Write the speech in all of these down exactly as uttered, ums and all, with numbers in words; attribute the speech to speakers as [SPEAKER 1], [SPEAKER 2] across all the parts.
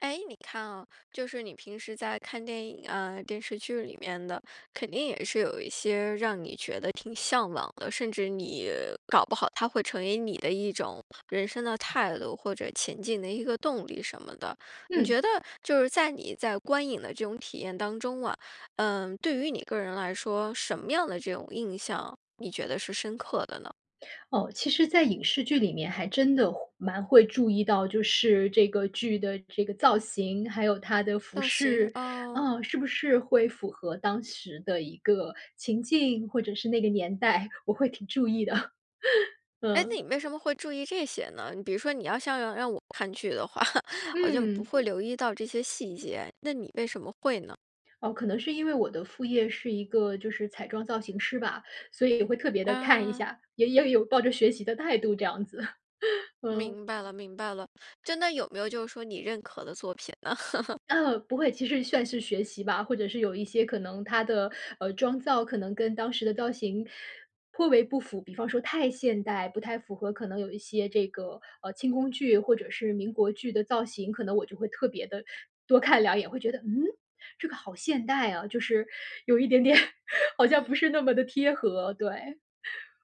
[SPEAKER 1] 诶，你看啊，就是你平时在看电影啊、电视剧里面的，肯定也是有一些让你觉得挺向往的，甚至你搞不好它会成为你的一种人生的态度，或者前进的一个动力什么的。你
[SPEAKER 2] 嗯。
[SPEAKER 1] 觉得就是在你在观影的这种体验当中啊，嗯，对于你个人来说，什么样的这种印象，你觉得是深刻的呢？
[SPEAKER 2] 哦，其实在影视剧里面还真的会蛮会注意到，就是这个剧的这个造型，还有它的服
[SPEAKER 1] 造型，
[SPEAKER 2] 饰，
[SPEAKER 1] 哦。
[SPEAKER 2] 啊，是不是会符合当时的一个情境，或者是那个年代，我会挺注意的。
[SPEAKER 1] 诶，那
[SPEAKER 2] 嗯。
[SPEAKER 1] 你为什么会注意这些呢？比如说你要像要让我看剧的话，好像不
[SPEAKER 2] 嗯。
[SPEAKER 1] 会留意到这些细节，那你为什么会呢？
[SPEAKER 2] 哦，可能是因为我的副业是一个就是彩妆造型师吧，所以也会特别地看一
[SPEAKER 1] 哦。
[SPEAKER 2] 下，也也有抱着学习的态度这样子。嗯。
[SPEAKER 1] 明白了，明白了，真的有没有就是说你认可的作品呢？
[SPEAKER 2] 嗯，不会，其实算是学习吧，或者是有一些可能它的，呃，妆造可能跟当时的造型颇为不符，比方说太现代，不太符合。可能有一些这个，呃，清宫剧或者是民国剧的造型，可能我就会特别地多看两眼，会觉得：“嗯？这个好现代啊，就是有一点点好像
[SPEAKER 1] 嗯。
[SPEAKER 2] 不是那么地贴合。”对，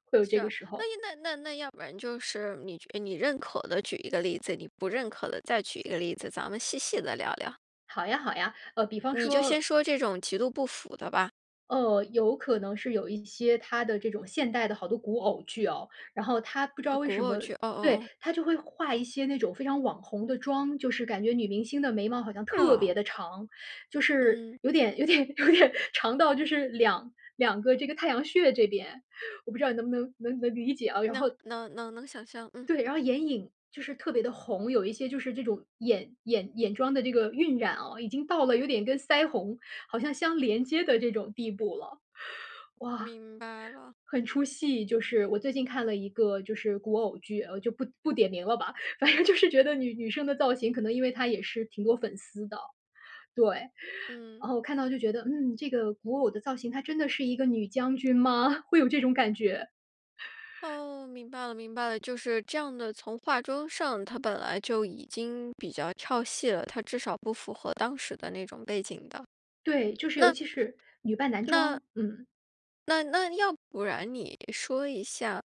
[SPEAKER 2] 会有
[SPEAKER 1] 是
[SPEAKER 2] 这个
[SPEAKER 1] 啊，
[SPEAKER 2] 时
[SPEAKER 1] 那
[SPEAKER 2] 候。
[SPEAKER 1] 一那那要不然就是你觉你认可的举一个例子，你不认可的再举一个例子，咱们细细地聊聊。
[SPEAKER 2] 好呀，好呀，呃，比方
[SPEAKER 1] 你就
[SPEAKER 2] 说
[SPEAKER 1] 先说这种极度不符的吧。
[SPEAKER 2] 呃，有可能是有一些她的这种现代的好多古偶剧哦，然后她不知道
[SPEAKER 1] 呃，
[SPEAKER 2] 为
[SPEAKER 1] 古
[SPEAKER 2] 什
[SPEAKER 1] 偶
[SPEAKER 2] 么
[SPEAKER 1] 剧，哦哦
[SPEAKER 2] 对，
[SPEAKER 1] 哦。
[SPEAKER 2] 她就会化一些那种非常网红的妆。就是感觉女明星的眉毛好像
[SPEAKER 1] 是
[SPEAKER 2] 特
[SPEAKER 1] 哦。
[SPEAKER 2] 别地长，就是
[SPEAKER 1] 嗯。
[SPEAKER 2] 有点有点有点长到就是两两个这个太阳穴这边，我不知道你能不能能能理解啊，然
[SPEAKER 1] 能
[SPEAKER 2] 后
[SPEAKER 1] 能能能想象，嗯。
[SPEAKER 2] 对，然后眼影就是特别地红，有一些就是这种眼眼眼妆的这个晕染啊，已经到了有点跟腮红好像相连接的这种地步了。哇。
[SPEAKER 1] 明白了。
[SPEAKER 2] 很出戏就是。我最近看了一个就是古偶剧，呃，就不不点名了吧，反正就是觉得女女生的造型可能因为她也是挺多粉丝的。对，然
[SPEAKER 1] 嗯。
[SPEAKER 2] 后我看到就觉得，嗯，这个古偶的造型她真的是一个女将军吗？会有这种感觉。
[SPEAKER 1] 哦，明白了明白了，就是这样的从化妆上它本来就已经比较跳戏了，它至少不符合当时的那种背景的。
[SPEAKER 2] 对，就是尤
[SPEAKER 1] 那
[SPEAKER 2] 其是女扮男
[SPEAKER 1] 那
[SPEAKER 2] 装。嗯。
[SPEAKER 1] 那那要不然你说一下，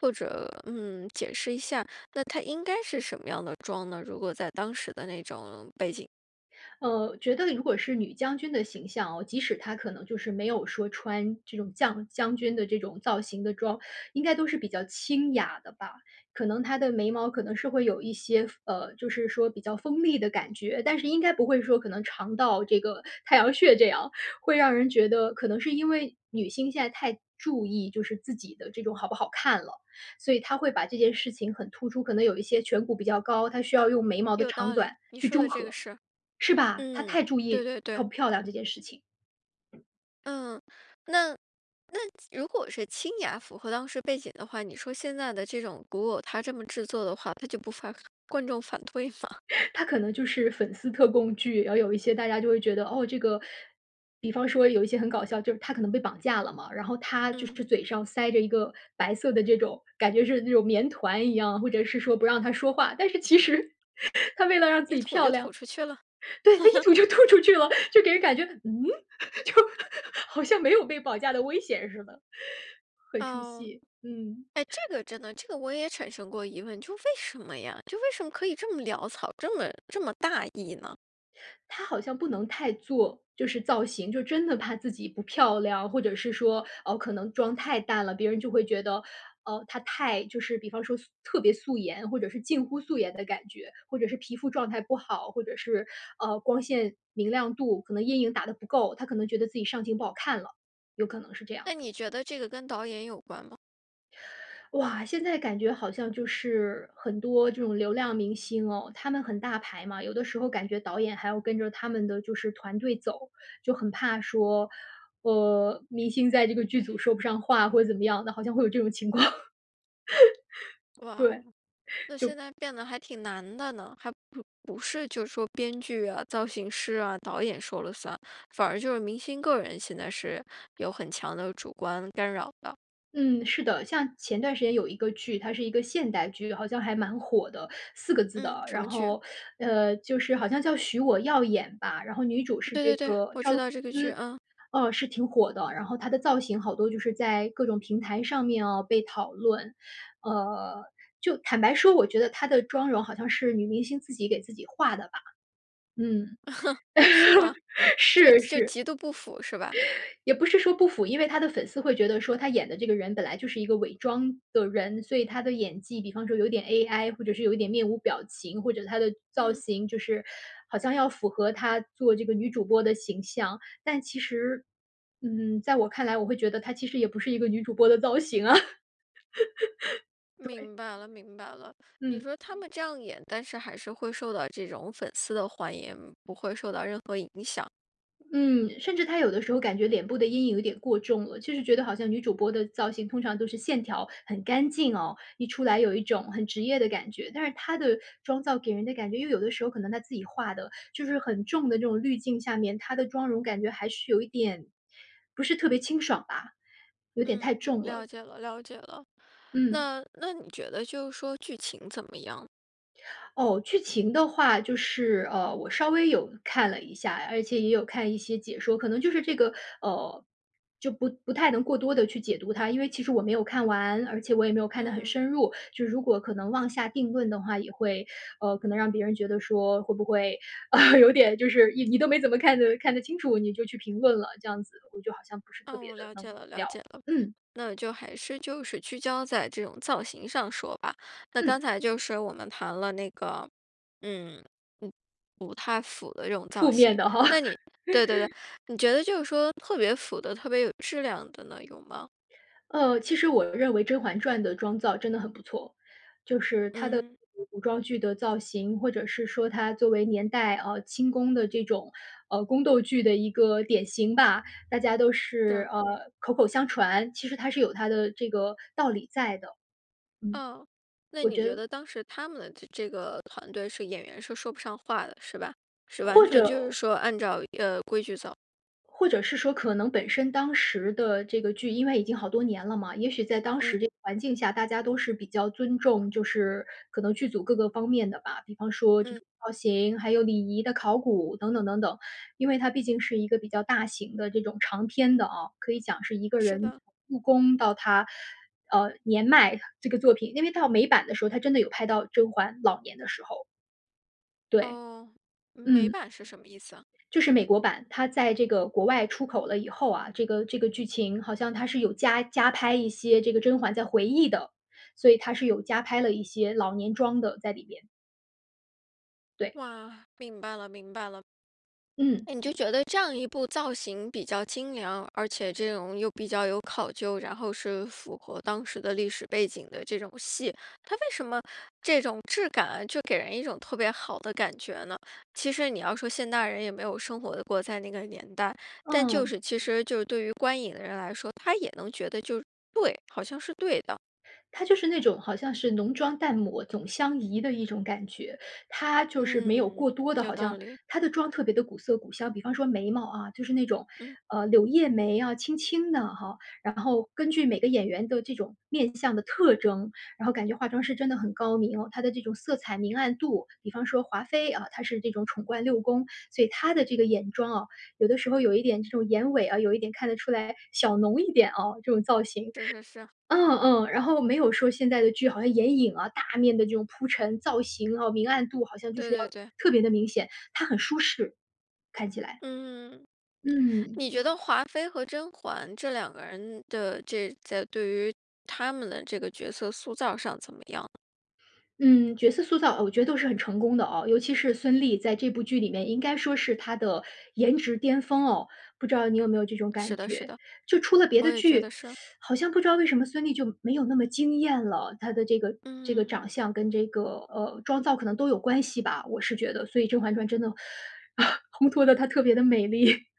[SPEAKER 1] 或者，嗯，解释一下，那她应该是什么样的妆呢？如果在当时的那种背景。
[SPEAKER 2] 呃，觉得如果是女将军的形象啊，即使她可能就是没有说穿这种将将军的这种造型的装，应该都是比较清雅的吧，可能她的眉毛可能是会有一些锋呃，就是说比较锋利的感觉。但是应该不会说可能长到这个太阳穴这样，会让人觉得可能是因为女性现在太注意就是自己的这种好不好看了，所以她会把这件事情很突出。可能有一些颧骨比较高，她需要用眉毛的
[SPEAKER 1] 有
[SPEAKER 2] 长
[SPEAKER 1] 道
[SPEAKER 2] 短
[SPEAKER 1] 理，你
[SPEAKER 2] 去
[SPEAKER 1] 说的
[SPEAKER 2] 中
[SPEAKER 1] 这个
[SPEAKER 2] 和，
[SPEAKER 1] 是，
[SPEAKER 2] 是吧？她太
[SPEAKER 1] 嗯，
[SPEAKER 2] 注
[SPEAKER 1] 对
[SPEAKER 2] 意
[SPEAKER 1] 对
[SPEAKER 2] 她
[SPEAKER 1] 对。
[SPEAKER 2] 要漂亮这件事情。
[SPEAKER 1] 嗯，那那如果是清雅符合当时背景的话，你说现在的这种古偶它这么制作的话，它就不发观众反对吗？
[SPEAKER 2] 它可能就是粉丝特供剧，然后有一些大家就会觉得，哦，这个比方说有一些很搞笑，就是她可能被绑架了嘛，然后她就
[SPEAKER 1] 嗯。
[SPEAKER 2] 是嘴上塞着一个白色的这种感觉是那种棉团一样，或者是说不让她说话，但是其实 她为了让自
[SPEAKER 1] 一
[SPEAKER 2] 己
[SPEAKER 1] 吐
[SPEAKER 2] 漂
[SPEAKER 1] 就吐
[SPEAKER 2] 亮
[SPEAKER 1] 出去了。
[SPEAKER 2] 对，她一吐 就吐出去了，就给人感觉，嗯？就 好像没有被绑架的危险似的。很出
[SPEAKER 1] 哦，
[SPEAKER 2] 戏，嗯。
[SPEAKER 1] 哎，这个真的这个我也产生过疑问，就为什么呀？就为什么可以这么潦草，这么这么大意呢？
[SPEAKER 2] 她好像不能太做就是造型，就真的怕自己不漂亮。或者是说，哦，可能妆太淡了，别人就会觉得，哦，她太就是比方说素特别素颜，或者是近乎素颜的感觉，或者是皮肤状态不好。或者是，呃，光线明亮度，可能阴影打得不够，她可能觉得自己上镜不好看了，有可能是这样。
[SPEAKER 1] 那你觉得这个跟导演有关吗？
[SPEAKER 2] 哇，现在感觉好像就是，很多这种流量明星哦，他们很大牌嘛。有的时候感觉导演还要跟着他们的就是团队走，就很怕说，呃，明星在这个剧组说不上话或者怎么样的，好像会有这种情况。
[SPEAKER 1] 哇，
[SPEAKER 2] 对，
[SPEAKER 1] 那
[SPEAKER 2] 就
[SPEAKER 1] 现在变得还挺难的呢。还不不是就说编剧啊、造型师啊、导演说了算，反而就是明星个人现在是有很强的主观干扰的。
[SPEAKER 2] 嗯，是的，像前段时间有一个剧，它是一个现代剧，好像还蛮火的，四个字
[SPEAKER 1] 嗯，
[SPEAKER 2] 的。
[SPEAKER 1] 什
[SPEAKER 2] 然
[SPEAKER 1] 么剧？
[SPEAKER 2] 后，呃，就是好像叫《许我耀眼》吧，然后女主是
[SPEAKER 1] 对
[SPEAKER 2] 这
[SPEAKER 1] 对对，
[SPEAKER 2] 个
[SPEAKER 1] 我
[SPEAKER 2] 赵
[SPEAKER 1] 知
[SPEAKER 2] 露思。
[SPEAKER 1] 道这个剧，啊。
[SPEAKER 2] 哦，是挺火的，然后她的造型好多就是在各种平台上面啊被讨论。呃，就坦白说，我觉得她的妆容好像是女明星自己给自己画的吧。嗯，
[SPEAKER 1] 是吗？就
[SPEAKER 2] 是
[SPEAKER 1] 就
[SPEAKER 2] 是。
[SPEAKER 1] 极度不符是吧？
[SPEAKER 2] 也不是说不符。因为她的粉丝会觉得说她演的这个人本来就是一个伪装的人，所以她的演技比方说有点 AI 或者是有一点面无表情，或者她的造
[SPEAKER 1] 嗯。
[SPEAKER 2] 型就是好像要符合她做这个女主播的形象。但其实，嗯，在我看来，我会觉得她其实也不是一个女主播的造型啊 对。
[SPEAKER 1] 明白了，明白了，你
[SPEAKER 2] 嗯。
[SPEAKER 1] 说他们这样演，但是还是会受到这种粉丝的欢迎，不会受到任何影响。
[SPEAKER 2] 嗯，甚至她有的时候感觉脸部的阴影有点过重了，就是觉得好像女主播的造型通常都是线条很干净哦，一出来有一种很职业的感觉。但是她的妆造给人的感觉因为有的时候可能她自己画的，就是很重的那种滤镜下面她的妆容感觉还是有一点不是特别清爽吧，有点
[SPEAKER 1] 嗯，
[SPEAKER 2] 太重
[SPEAKER 1] 了
[SPEAKER 2] 了。
[SPEAKER 1] 解了，了解了。
[SPEAKER 2] 嗯。
[SPEAKER 1] 那那你觉得就是说剧情怎么样？
[SPEAKER 2] 哦，剧情的话就是呃，我稍微有看了一下，而且也有看一些解说。可能就是这个，呃，就不不太能过多地去解读它，因为其实我没有看完，而且我也没有看得很
[SPEAKER 1] 嗯。
[SPEAKER 2] 深入，就如果可能妄下定论的话，也会，呃，可能让别人觉得说会不会 有点就是你都没怎么看得看得清楚，你就去评论了，这样子。我就好像不是特
[SPEAKER 1] 哦，
[SPEAKER 2] 别
[SPEAKER 1] 我
[SPEAKER 2] 地
[SPEAKER 1] 了
[SPEAKER 2] 能
[SPEAKER 1] 解了，了
[SPEAKER 2] 聊。
[SPEAKER 1] 解了。
[SPEAKER 2] 嗯。
[SPEAKER 1] 那就还是就是聚焦在这种造型上说吧。那
[SPEAKER 2] 嗯。
[SPEAKER 1] 刚才就是我们谈了那个，嗯，不不太符的这种造
[SPEAKER 2] 负面
[SPEAKER 1] 型，
[SPEAKER 2] 的哈。
[SPEAKER 1] 那你对对对，你觉得就是说特别符的特别有质量的呢，有吗？
[SPEAKER 2] 呃，其实我认为《甄嬛传》的妆造真的很不错，就是它的
[SPEAKER 1] 嗯。
[SPEAKER 2] 古古装剧的造型，或者是说它作为年代呃，清宫的这种，呃，宫斗剧的一个典型吧，大家都是，
[SPEAKER 1] 是。
[SPEAKER 2] 呃，口口相传，其实它是有它的这个道理在的。嗯。
[SPEAKER 1] 哦，那
[SPEAKER 2] 我
[SPEAKER 1] 你
[SPEAKER 2] 觉
[SPEAKER 1] 觉
[SPEAKER 2] 得
[SPEAKER 1] 得当时他们的这这个团队是演员是说不上话的，是吧？是完
[SPEAKER 2] 或
[SPEAKER 1] 全
[SPEAKER 2] 者
[SPEAKER 1] 就是说按照，呃，规矩走。
[SPEAKER 2] 或者是说可能本身当时的这个剧，因为已经好多年了嘛，也许在当
[SPEAKER 1] 嗯。
[SPEAKER 2] 时这个环境下，大家都是比较尊重，就是可能剧组各个方面的吧。比方说这
[SPEAKER 1] 嗯。
[SPEAKER 2] 种造型，还有礼仪的考古等等等等。因为它毕竟是一个比较大型的这种长篇的啊，可以讲是一个
[SPEAKER 1] 是
[SPEAKER 2] 人
[SPEAKER 1] 的。
[SPEAKER 2] 从入宫到她，呃，年迈这个作品，因为到美版的时候，它真的有拍到甄嬛老年的时候。对，
[SPEAKER 1] 哦，美
[SPEAKER 2] 嗯。
[SPEAKER 1] 版是什么意思啊？
[SPEAKER 2] 就是美国版，它在这个国外出口了以后啊，这个这个剧情好像它是有加加拍一些这个甄嬛在回忆的，所以它是有加拍了一些老年妆的在里边。对。
[SPEAKER 1] 哇，明白了，明白了。
[SPEAKER 2] 嗯，
[SPEAKER 1] 你就
[SPEAKER 2] 一
[SPEAKER 1] 觉得这样一部造型比较精良，而且这种又比较有考究，然后是符合当时的历史背景的这种戏，它为什么这种质感就给人一种特别好的感觉呢？其实你要说现代人也没有生活过，在那个年代，但就
[SPEAKER 2] 嗯。
[SPEAKER 1] 是其实就是对于观影的人来说，他也能觉得就对，好像是对的。
[SPEAKER 2] 她就是那种好像是“浓妆淡抹总相宜”的一种感觉。她就是没有
[SPEAKER 1] 嗯，
[SPEAKER 2] 过多的
[SPEAKER 1] 有
[SPEAKER 2] 好
[SPEAKER 1] 道
[SPEAKER 2] 像
[SPEAKER 1] 理。
[SPEAKER 2] 她的妆特别地古色古香，比方说眉毛啊，就是那种，
[SPEAKER 1] 嗯。
[SPEAKER 2] 呃，柳叶眉啊轻轻的哈。然后根据每个演员的这种面相的特征，然后感觉化妆师真的很高明，它的这种色彩明暗度。比方说华妃啊，她是这种宠冠六宫，所以她的这个眼妆啊，有的时候有一点这种眼尾啊，有一点看得出来小浓一点啊，这种造型。
[SPEAKER 1] 是是 是。
[SPEAKER 2] 嗯嗯，然后没有说现在的剧好像眼影啊，大面的这种铺陈造型啊，明暗度好像就
[SPEAKER 1] 对
[SPEAKER 2] 是要
[SPEAKER 1] 对对。
[SPEAKER 2] 特别地明显，它很舒适看起来。
[SPEAKER 1] 嗯，
[SPEAKER 2] 嗯。
[SPEAKER 1] 你觉得华妃和甄嬛这两个人的这在对于她们的这个角色塑造上怎么样呢？
[SPEAKER 2] 嗯，角色塑造，哦，我觉得都是很成功的哦，尤其是孙俪在这部剧里面应该说是她的颜值巅峰哦，不知道你有没有这种感
[SPEAKER 1] 是的是
[SPEAKER 2] 觉。
[SPEAKER 1] 的，
[SPEAKER 2] 就出了别
[SPEAKER 1] 我
[SPEAKER 2] 的
[SPEAKER 1] 也觉
[SPEAKER 2] 剧，
[SPEAKER 1] 得是。
[SPEAKER 2] 好像不知道为什么孙俪就没有那么惊艳了，她的这个这个
[SPEAKER 1] 嗯。
[SPEAKER 2] 长相跟这个，呃，妆造可能都有关系吧，我是觉得。所以《甄嬛传》真的，烘托得她特别地美丽，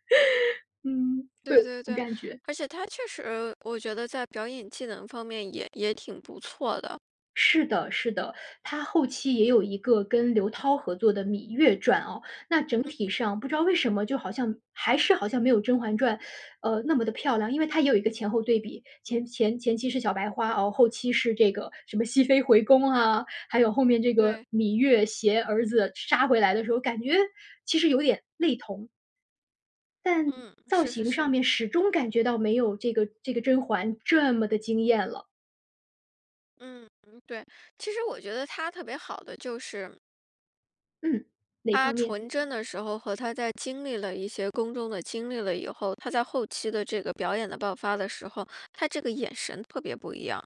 [SPEAKER 2] 嗯，会有
[SPEAKER 1] 对
[SPEAKER 2] 这
[SPEAKER 1] 对
[SPEAKER 2] 种
[SPEAKER 1] 对，
[SPEAKER 2] 感觉。
[SPEAKER 1] 而且她确实我觉得在表演技能方面也也挺不错的。
[SPEAKER 2] 是的，是的，她后期也有一个跟刘涛合作的《芈月传》哦。那整体
[SPEAKER 1] 嗯。
[SPEAKER 2] 上不知道为什么就好像还是好像没有《甄嬛传》，呃，那么地漂亮。因为它也有一个前后对比，前前前期是小白花哦，后期是这个什么熹妃回宫啊，还有后面这个
[SPEAKER 1] 对。
[SPEAKER 2] 芈月携儿子杀回来的时候，感觉其实有点类同。但
[SPEAKER 1] 嗯，
[SPEAKER 2] 造
[SPEAKER 1] 是是
[SPEAKER 2] 型上
[SPEAKER 1] 是。
[SPEAKER 2] 面始终感觉到没有这个这个甄嬛这么地惊艳了。
[SPEAKER 1] 嗯嗯，对，其实我觉得她特别好的就是
[SPEAKER 2] 嗯，哪
[SPEAKER 1] 她
[SPEAKER 2] 方面？
[SPEAKER 1] 纯真的时候和她在经历了一些宫中的经历了以后，她在后期的这个表演的爆发的时候，她这个眼神特别不一样。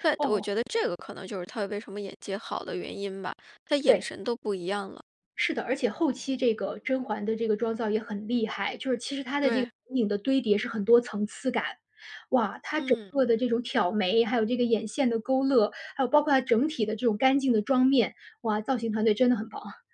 [SPEAKER 1] 但我
[SPEAKER 2] 哦。
[SPEAKER 1] 觉得这个可能就是她为什么演技好的原因吧，她眼
[SPEAKER 2] 对。
[SPEAKER 1] 神都不一样了。
[SPEAKER 2] 是的，而且后期这个甄嬛的这个妆造也很厉害，就是其实她的这个
[SPEAKER 1] 对。
[SPEAKER 2] 眼影的堆叠是很多层次感。哇，她整
[SPEAKER 1] 嗯。
[SPEAKER 2] 个的这种挑眉，还有这个眼线的勾勒，还有包括它整体的这种干净的妆面，哇，造型团队真的很棒啊。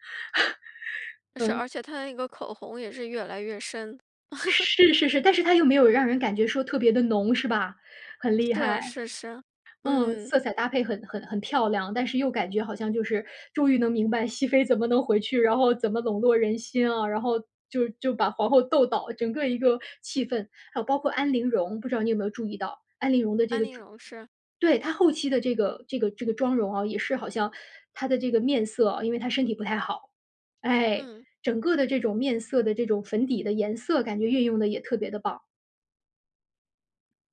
[SPEAKER 1] 是，
[SPEAKER 2] 嗯。
[SPEAKER 1] 而且她那个口红也是越来越深。
[SPEAKER 2] 是是是，但是她又没有让人感觉说特别地浓是吧？很厉
[SPEAKER 1] 是
[SPEAKER 2] 害。
[SPEAKER 1] 是是，
[SPEAKER 2] 嗯，
[SPEAKER 1] 嗯。
[SPEAKER 2] 色彩搭配很很很漂亮，但是又感觉好像就是终于能明白熹妃怎么能回去，然后怎么笼络人心啊，然后就就把皇后斗倒，整个一个气氛。还有包括安陵容，不知道你有没有注意到，安陵容的这
[SPEAKER 1] 安
[SPEAKER 2] 个
[SPEAKER 1] 陵
[SPEAKER 2] 妆
[SPEAKER 1] 容，是。
[SPEAKER 2] 对，她后期的这个这个这个妆容啊，也是好像她的这个面色啊因为她身体不太好。哎，
[SPEAKER 1] 嗯。
[SPEAKER 2] 整个的这种面色的这种粉底的颜色感觉运用得也特别地棒。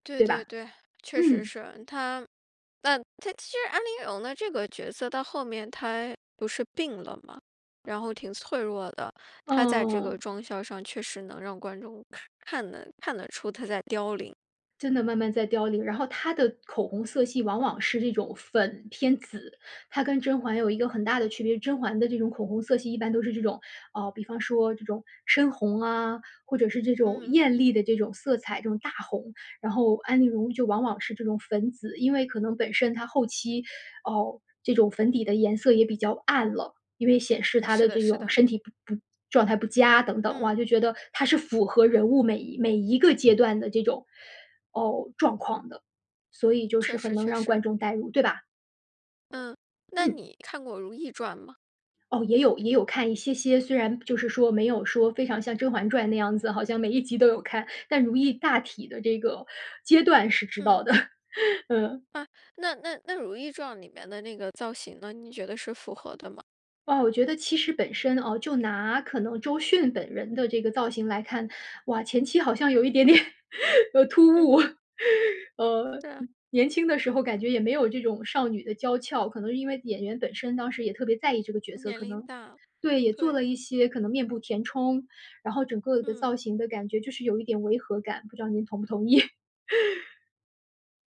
[SPEAKER 1] 对
[SPEAKER 2] 对
[SPEAKER 1] 对
[SPEAKER 2] 吧？
[SPEAKER 1] 对，确实
[SPEAKER 2] 嗯。
[SPEAKER 1] 是。她但她其实安陵容的这个角色到后面，她不是病了嘛，然后挺脆弱的，她在这个
[SPEAKER 2] 嗯。
[SPEAKER 1] 妆效上确实能让观众看得看得出她在凋零。
[SPEAKER 2] 真的慢慢在凋零。然后她的口红色系往往是这种粉偏紫，她跟甄嬛有一个很大的区别。甄嬛的这种口红色系一般都是这种，呃，比方说这种深红啊，或者是这种
[SPEAKER 1] 嗯。
[SPEAKER 2] 艳丽的这种色彩，这种大红。然后安陵容就往往是这种粉紫，因为可能本身她后期哦，这种粉底的颜色也比较暗了，因为显示她
[SPEAKER 1] 是
[SPEAKER 2] 的
[SPEAKER 1] 的
[SPEAKER 2] 这
[SPEAKER 1] 是
[SPEAKER 2] 种
[SPEAKER 1] 的。
[SPEAKER 2] 身体不不状态不佳等等。
[SPEAKER 1] 嗯。
[SPEAKER 2] 哇，就觉得她是符合人物每一每一个阶段的这种哦，状况的。所以就是
[SPEAKER 1] 确
[SPEAKER 2] 很
[SPEAKER 1] 实
[SPEAKER 2] 能
[SPEAKER 1] 确
[SPEAKER 2] 让
[SPEAKER 1] 实。
[SPEAKER 2] 观众带入，对吧？
[SPEAKER 1] 嗯，那
[SPEAKER 2] 嗯。
[SPEAKER 1] 你看过《如懿传》吗？
[SPEAKER 2] 哦，也有也有看一些些，虽然就是说没有说非常像《甄嬛传》那样子，好像每一集都有看，但如懿大体的这个阶段是知
[SPEAKER 1] 嗯。
[SPEAKER 2] 道的。嗯。
[SPEAKER 1] 啊，那那那《如懿传》里面的那个造型呢？你觉得是符合的吗？
[SPEAKER 2] 哦，我觉得其实本身啊，就拿可能周迅本人的这个造型来看。哇，前期好像有一点点，呃，突
[SPEAKER 1] 嗯
[SPEAKER 2] 兀。
[SPEAKER 1] 哼。
[SPEAKER 2] 呃，
[SPEAKER 1] 对啊。
[SPEAKER 2] 年轻的时候感觉也没有这种少女的娇俏。可能是因为演员本身当时也特别在意这个角色，
[SPEAKER 1] 年
[SPEAKER 2] 可
[SPEAKER 1] 龄
[SPEAKER 2] 能
[SPEAKER 1] 大，
[SPEAKER 2] 对，也做了
[SPEAKER 1] 对。
[SPEAKER 2] 一些可能面部填充，然后整个的造
[SPEAKER 1] 嗯。
[SPEAKER 2] 型的感觉就是有一点违和感，不知道您同不同意。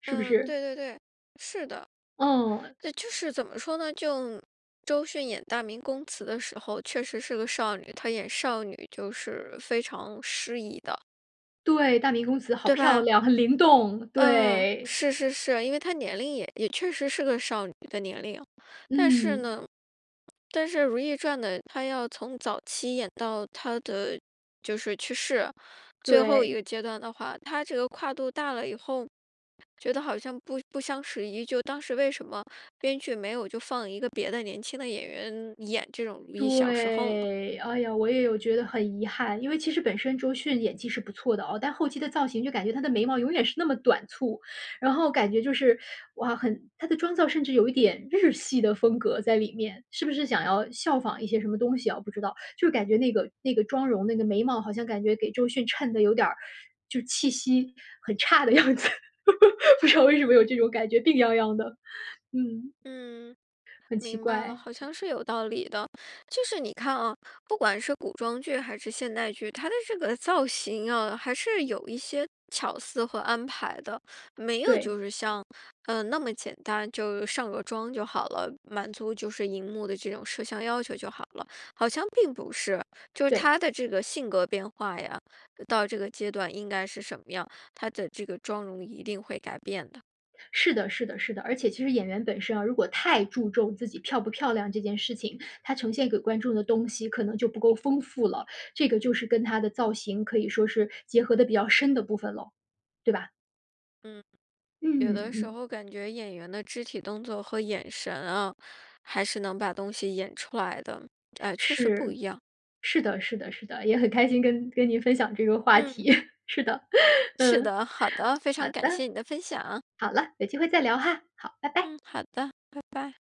[SPEAKER 2] 是不
[SPEAKER 1] 嗯，
[SPEAKER 2] 是？
[SPEAKER 1] 对对对，是的。
[SPEAKER 2] 嗯。
[SPEAKER 1] 就是怎么说呢，就周迅演《大明宫词》的时候，确实是个少女，她演少女就是非常适宜的。
[SPEAKER 2] 对，《大明宫词》好
[SPEAKER 1] 对
[SPEAKER 2] 漂
[SPEAKER 1] 吧？
[SPEAKER 2] 亮，很灵动，
[SPEAKER 1] 嗯，
[SPEAKER 2] 对。
[SPEAKER 1] 是是是。因为她年龄也也确实是个少女的年龄。但是
[SPEAKER 2] 嗯。
[SPEAKER 1] 呢但是《如懿传》的她要从早期演到她的，就是去世。最后一
[SPEAKER 2] 对。
[SPEAKER 1] 个阶段的话，她这个跨度大了以后，觉得好像不不相适宜。就当时为什么编剧没有就放一个别的年轻的演员演这种如懿小时候呢？
[SPEAKER 2] 对。哎呀，我也有觉得很遗憾。因为其实本身周迅演技是不错的哦，但后期的造型就感觉她的眉毛永远是那么短簇。然后感觉就是，哇，很她的妆造甚至有一点日系的风格在里面。是不是想要效仿一些什么东西啊，我不知道。就感觉那个那个妆容、那个眉毛，好像感觉给周迅衬的有点儿就气息很差的样子，不知道为什么有这
[SPEAKER 1] 嗯嗯。
[SPEAKER 2] 种感觉，病怏怏的。嗯。
[SPEAKER 1] 嗯，
[SPEAKER 2] 很奇
[SPEAKER 1] 明白了，
[SPEAKER 2] 怪。
[SPEAKER 1] 好像是有道理的。就是你看啊，不管是古装剧还是现代剧，她的这个造型啊，还是有一些巧思和安排的。没有
[SPEAKER 2] 对。
[SPEAKER 1] 就是像，呃，那么简单，就上个妆就好了，满足就是荧幕的这种摄像要求就好了。好像并不是，就是
[SPEAKER 2] 对。
[SPEAKER 1] 她的这个性格变化呀，到这个阶段应该是什么样，她的这个妆容一定会改变的。
[SPEAKER 2] 是的，是的，是的。而且其实演员本身啊，如果太注重自己漂不漂亮这件事情，她呈现给观众的东西可能就不够丰富了。这个就是跟她的造型可以说是结合得比较深的部分了，对吧？
[SPEAKER 1] 嗯。
[SPEAKER 2] 嗯
[SPEAKER 1] 有的时
[SPEAKER 2] 嗯。
[SPEAKER 1] 候感觉演员的肢体动作和眼神啊，还是能把东西演出来的。哎，确实不
[SPEAKER 2] 是，
[SPEAKER 1] 一样。
[SPEAKER 2] 是的，是的，是的。也很开心跟跟您分享这个话题，
[SPEAKER 1] 嗯。
[SPEAKER 2] 是的，
[SPEAKER 1] 是
[SPEAKER 2] 嗯。
[SPEAKER 1] 的，好的，非
[SPEAKER 2] 好
[SPEAKER 1] 常感
[SPEAKER 2] 的。
[SPEAKER 1] 谢你的分享。
[SPEAKER 2] 好了，有机会再聊哈，好，拜拜。
[SPEAKER 1] 嗯，好的，拜拜。